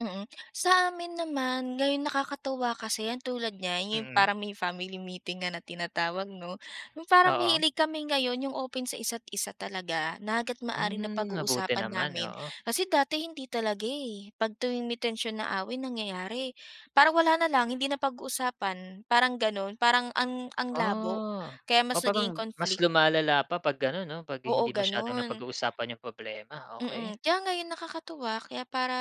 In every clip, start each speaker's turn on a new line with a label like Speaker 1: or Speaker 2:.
Speaker 1: Mm. Sa amin naman, ngayon nakakatuwa kasi 'yan tulad niya, 'yon
Speaker 2: Mm.
Speaker 1: parang may family meeting nga na tinatawag, 'no. 'Yong parang
Speaker 2: Oo.
Speaker 1: mahilig kami ngayon 'yong open sa isa't isa talaga, na hangga't maaari
Speaker 2: Hmm. Mabuti
Speaker 1: napag-uusapan
Speaker 2: naman,
Speaker 1: namin.
Speaker 2: oo.
Speaker 1: Kasi dati, hindi talaga, eh, pag tuwing may tensyon na away, nangyayari parang wala na lang, hindi na pag-uusapan, parang gano'n. Parang ang ang labo
Speaker 2: Ah.
Speaker 1: kaya
Speaker 2: O
Speaker 1: mas nagiging
Speaker 2: parang, mas
Speaker 1: conflict.
Speaker 2: lumalala pa pag gano'n, 'no, pag
Speaker 1: Oo,
Speaker 2: hindi masyadong
Speaker 1: gano'n.
Speaker 2: napag-uusapan 'yong problema. Okey.
Speaker 1: Mm. Kaya ngayon nakakatuwa, kaya para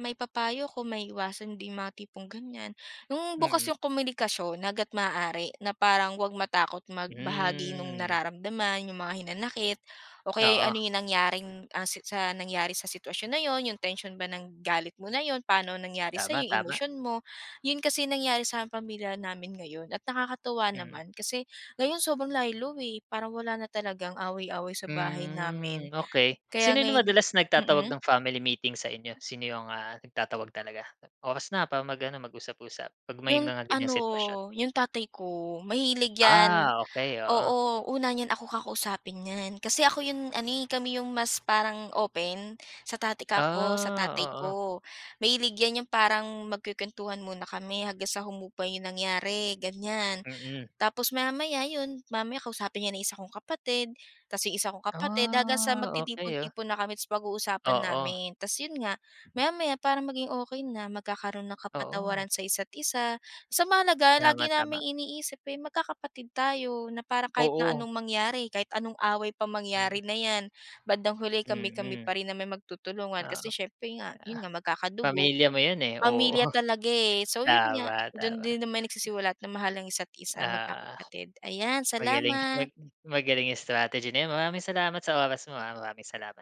Speaker 1: maipapayo ko maiiwasan din 'yong mga tipong, ganiyan. 'Yong
Speaker 2: Mm.
Speaker 1: bukas 'yong komunikasyon hangga't maaari, na parang wag matakot magbahagi no'ng
Speaker 2: Hmm.
Speaker 1: nararamdaman, 'yong mga hinanakit o kaya'y ano
Speaker 2: Oo.
Speaker 1: 'yong nangyaring, ah, si sa nangyari sa sitwasyon na 'yon, 'yong tensyon ba ng galit mo na 'yon, pa'no nangyari sa'yo,
Speaker 2: Tama,
Speaker 1: 'yong
Speaker 2: tama.
Speaker 1: emosyon mo. 'Yon kasi nangyari sa pamilya namin ngayon at nakakatuwa
Speaker 2: Mm.
Speaker 1: naman, kasi ngayon sobrang lie low, eh, parang wala na talagang away-away sa bahay
Speaker 2: Hmm,
Speaker 1: namin.
Speaker 2: okey.
Speaker 1: Kaya
Speaker 2: Sino 'yong na
Speaker 1: ngayon
Speaker 2: madalas nagtatawag
Speaker 1: mm.
Speaker 2: ng family meeting sa inyo, sino 'yong, ah, nagtatawag talaga? "Oras na para mag-ano, mag-usap-usap," pag may
Speaker 1: 'Yong
Speaker 2: mga ganiyang
Speaker 1: ano,
Speaker 2: sitwasyon.
Speaker 1: 'yong tatay ko, mahilig 'yan.
Speaker 2: Ah, okey. Oo.
Speaker 1: Oo, una niyan ako kakausapin niyan kasi ako 'yon ano, eh, kami 'yong mas parang open, sa tatay kako, sa tatay
Speaker 2: Ah, oo.
Speaker 1: ko, mahilig 'yan 'yong parang magkukuwentuhan muna kami hanggang sa humupa 'yong nangyari, ganiyan.
Speaker 2: Mm.
Speaker 1: Tapos, maya-maya 'yon, mamaya kausapin niya na yung 1 kong kapatid 'tas 'yong 1 kong kapatid hanggang sa
Speaker 2: Ah, okey, ah.
Speaker 1: magtitipon-tipon na kami, 'tas pag-uusapan
Speaker 2: Oo.
Speaker 1: namin. 'Tas 'yon nga, maya-maya para maging okey na, magkakaroon ng
Speaker 2: Oo.
Speaker 1: kapatawaran sa isa't isa, basta mahalaga
Speaker 2: Tama,
Speaker 1: lagi
Speaker 2: tama.
Speaker 1: naming iniisip ay magkakapatid tayo na parang kahit na
Speaker 2: Oo.
Speaker 1: anong mangyari, kahit anong away pa
Speaker 2: Hmm.
Speaker 1: mangyari na 'yan, bandang huli kami-kami
Speaker 2: Mm.
Speaker 1: pa rin naman 'yong magtutulungan.
Speaker 2: Oo.
Speaker 1: Kasi siyempre nga,
Speaker 2: Ah,
Speaker 1: 'yon nga, magkakadugo,
Speaker 2: pamilya mo 'yon, eh. Oo.
Speaker 1: pamilya talaga, eh, so 'yon nga,
Speaker 2: Tama,
Speaker 1: do'n
Speaker 2: tama.
Speaker 1: din na may nagsisiwalat na mahal ang isa't isa,
Speaker 2: Oo.
Speaker 1: magkakapatid. Ayan,
Speaker 2: Magaling,
Speaker 1: salamat.
Speaker 2: mag magaling 'yong strategy na 'yon. Maraming salamat sa oras mo, ah. Maraming salamat.